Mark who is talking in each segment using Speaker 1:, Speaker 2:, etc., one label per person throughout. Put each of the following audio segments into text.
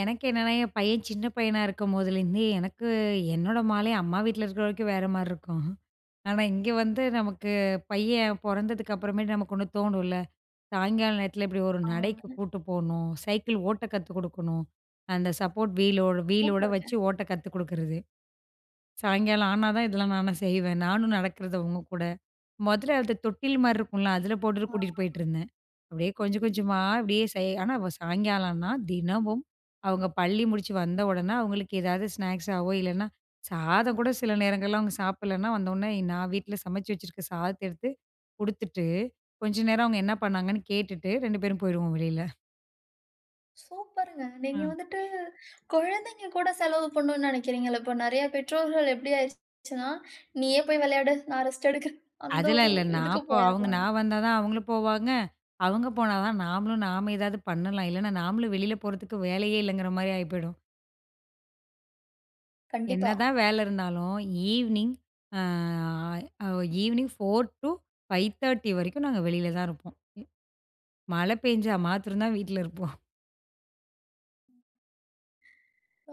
Speaker 1: எனக்கு என்னன்னா, என் பையன் சின்ன பையனா இருக்கும்போதேலேருந்தே எனக்கு என்னோட மாலை, அம்மா வீட்ல இருக்கிற வரைக்கும் வேற மாரி இருக்கும். ஆனா, இங்க வந்து நமக்கு பையன் பொறந்ததுக்கு அப்புறமேட்டு, நமக்கு ஒண்ணு தோணுல்ல, சாயங்கால நேரத்தில இப்டி ஒரு நடைக்கு
Speaker 2: ஆமாங்க.
Speaker 1: கூட்டு போணும், சைக்கிள் ஓட்ட கத்து குடுக்கணும். அந்த சப்போர்ட் வீலோட் வீலோட
Speaker 2: சூப்பர்ங்க.
Speaker 1: வச்சு ஓட்ட கத்து குடுக்குறது. சாயங்காலம் ஆனா தான், இதெல்லாம் நானும் செய்வேன். நானும் நடக்கிறது, அவுங்க கூட. மொதல்ல அந்த தொட்டில் மாரி இருக்கும்ல, அதில போட்டுட்டு
Speaker 2: ஆ.
Speaker 1: கூட்டிட்டு போயிட்டுருந்தேன். அப்டியே கொஞ்ச, கொஞ்சமா அப்டியே செய் ஆனா, சாயங்காலனா தினமும் அவுங்க பள்ளி முடுச்சு வந்த உடனே, அவுங்களுக்கு ஏதாவது ஸ்நாக்ஸாவோ, இல்லனா சாதம் கூட சில நேரங்கள்ல அவுங்க சாப்பிடலன்னா வந்தோனே, நான் வீட்ல் சமைச்சு வச்சுருக்க சாதத்தை எடுத்து குடுத்துட்டு, கொஞ்சம் நேரம் அவுங்க என்ன பண்ணாங்கன்னு கேட்டுட்டு, 2 பேரும் போயிடுவோம் வெளியில.
Speaker 2: சூப்பர்ங்க. நீங்க
Speaker 1: அ.
Speaker 2: வந்துட்டு கொழந்தைங்க கூட செலவு பண்ணுன்னு நெனைக்கிறீங்கள்ல, இப்ப நெறைய பெற்றோர்கள் எப்டி ஆயிருச்சுனா, நீயே போய் விளையாடு, நான் ரெஸ்ட் எடுக்றேன், அந்த
Speaker 1: அதெல்லா
Speaker 2: ஒரு
Speaker 1: இல்ல.
Speaker 2: இதுக்கு
Speaker 1: நாப்போ அவுங்க நா
Speaker 2: போயறாங்க.
Speaker 1: வந்தா தான் அவுங்களு போவாங்க, அவுங்க போனா தான், நாமளும் நாம ஏதாவது பண்ணலாம். இல்லன்னா நாமளும் வெளில போறதுக்கு வேலையே இல்லங்கிற மாரி ஆய்போயிடும்.
Speaker 2: கண்டிப்பா.
Speaker 1: என்னதான் வேல இருந்தாலும், ஈவ்னிங், அ ஈவினிங் 4 - 5 : 30 வரைக்கும், நாங்க வெளியில தான் இருப்போம். மழ பேஞ்சா மாத்திரம் தான், வீட்ல இருப்போம்.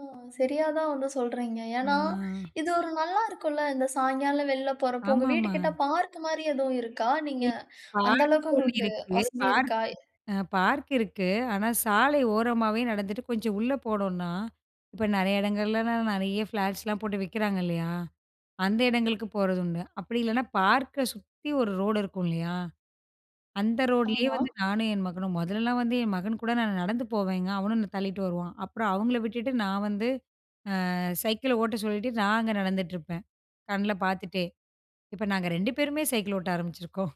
Speaker 2: ஓ, சரியா தான் வந்து சொல்றீங்க. ஏனா,
Speaker 1: அ
Speaker 2: இது ஒரு நல்லா இருக்குல்ல, இந்த சாயங்காலம் வெளில போறப்போ, உங்க
Speaker 1: ஆமாமா.
Speaker 2: வீட்டுக்கிட்ட பார்க் மாரி எதுவும் இருக்கா? நீங்க
Speaker 1: [unintelligible]
Speaker 2: அந்த
Speaker 1: பார்க்
Speaker 2: அளவுக்கு
Speaker 1: ஒண்ணு
Speaker 2: உங்களுக்கு
Speaker 1: இருக்கு.
Speaker 2: வசதி
Speaker 1: பார்க்
Speaker 2: இருக்கா?
Speaker 1: இருக் அ பார்க் இருக்கு. ஆனா, சாலை ஓரமாவே நடந்துட்டு, கொஞ்ச உள்ள போனோம்னா, இப்ப நெறைய எடங்கள்லலாம் நெறைய ஃப்ளாட்ஸ்லாம் போட்டு விக்கிறாங்க இல்லையா, அந்த எடங்களுக்கு போறது உண்டு. அப்டி இல்லன்னா பார்க்க சுத்தி ஒரு ரோடு இருக்கும்லயா, அந்த ரோடுலயே
Speaker 2: ஆமா.
Speaker 1: வந்து, நானும் என் மகனும் மொதலெல்லாம் வந்து என் மகன் கூட நானு நடந்து போவேங்க. அவனும் என்ன தள்ளிட்டு வருவான். அப்புறம் அவங்கள விட்டுட்டு நான் வந்து, அ சைக்கிள ஓட்ட சொல்லிட்டு, நான் அங்க நடந்துட்டுருப்பேன், கண்ல பாத்துட்டே. இப்ப நாங்க 2 பேருமே சைக்கிள் ஓட்ட ஆரம்பிச்சிருக்கோம்.